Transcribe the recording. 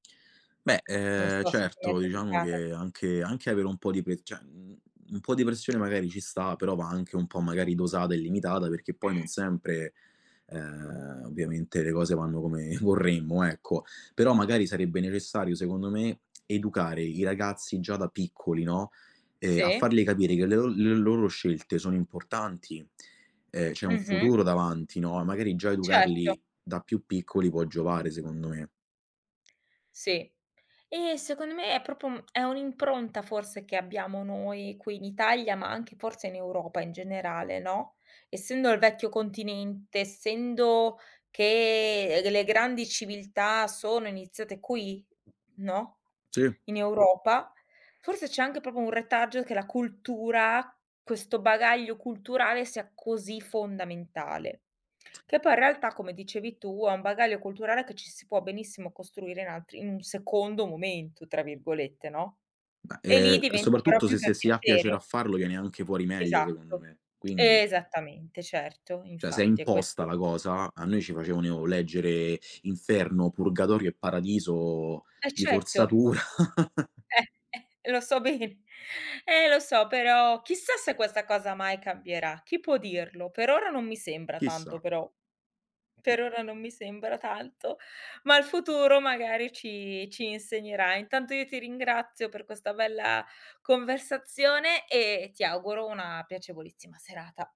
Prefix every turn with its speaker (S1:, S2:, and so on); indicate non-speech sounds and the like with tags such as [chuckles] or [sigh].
S1: Beh,
S2: Non
S1: ehm,
S2: so se ti è
S1: certo diciamo
S2: capitata.
S1: che anche anche avere un po' di pe cioè u un po' di pressione magari ci sta, però va anche un po' magari dosata e limitata, perché poi non sempre, ehm, ovviamente le cose vanno come [chuckles] vorremmo, ecco. Però magari sarebbe necessario secondo me educare i ragazzi già da piccoli, no, ehm, a
S2: Sì.
S1: fargli capire che le o le loro scelte sono importanti, ehm, c'è un
S2: Mh-mh.
S1: futuro davanti, no, e magari già
S2: Certo.
S1: educarli da più piccoli può giovare, secondo me.
S2: Sì. E, secondo me, è proprio uhm, è un'impronta forse che abbiamo noi qui in Italia, ma anche forse in Europa in generale, no, essendo il vecchio continente, essendo che, ehm, delle grandi civiltà sono iniziate qui, no, [clicks tongue]
S1: Sì.
S2: in Europa, forse c'è anche proprio un retaggio che la cultura, questo bagaglio culturale, sia così fondamentale. Che poi in realtà come dicevi tu è un bagaglio culturale che ci si può benissimo costruire in altri "in un secondo momento" tra virgolette, no,
S1: Bah,
S2: e lì
S1: ehm, e
S2: diventa però
S1: soprattutto se
S2: più per
S1: se si ha piacere a
S2: piacere.
S1: farlo viene anche fuori meglio, secondo
S2: Esatto,
S1: me, quindi.
S2: esattamente, certo,
S1: Cioè se è
S2: infatti è
S1: imposta
S2: questo
S1: la cosa, a noi ci facevano leggere inferno, purgatorio e paradiso
S2: E
S1: di
S2: certo.
S1: forzatura. [chuckles]
S2: Eh, eh, e lo so be eh lo so, però chissà se questa cosa mai cambierà. Chi può dirlo? Per ora non mi sembra tanto,
S1: Chissà.
S2: però per ora non mi sembra tanto, ma il futuro magari ci ci insegnerà. Intanto io ti ringrazio per questa bella conversazione e ti auguro una piacevolissima serata.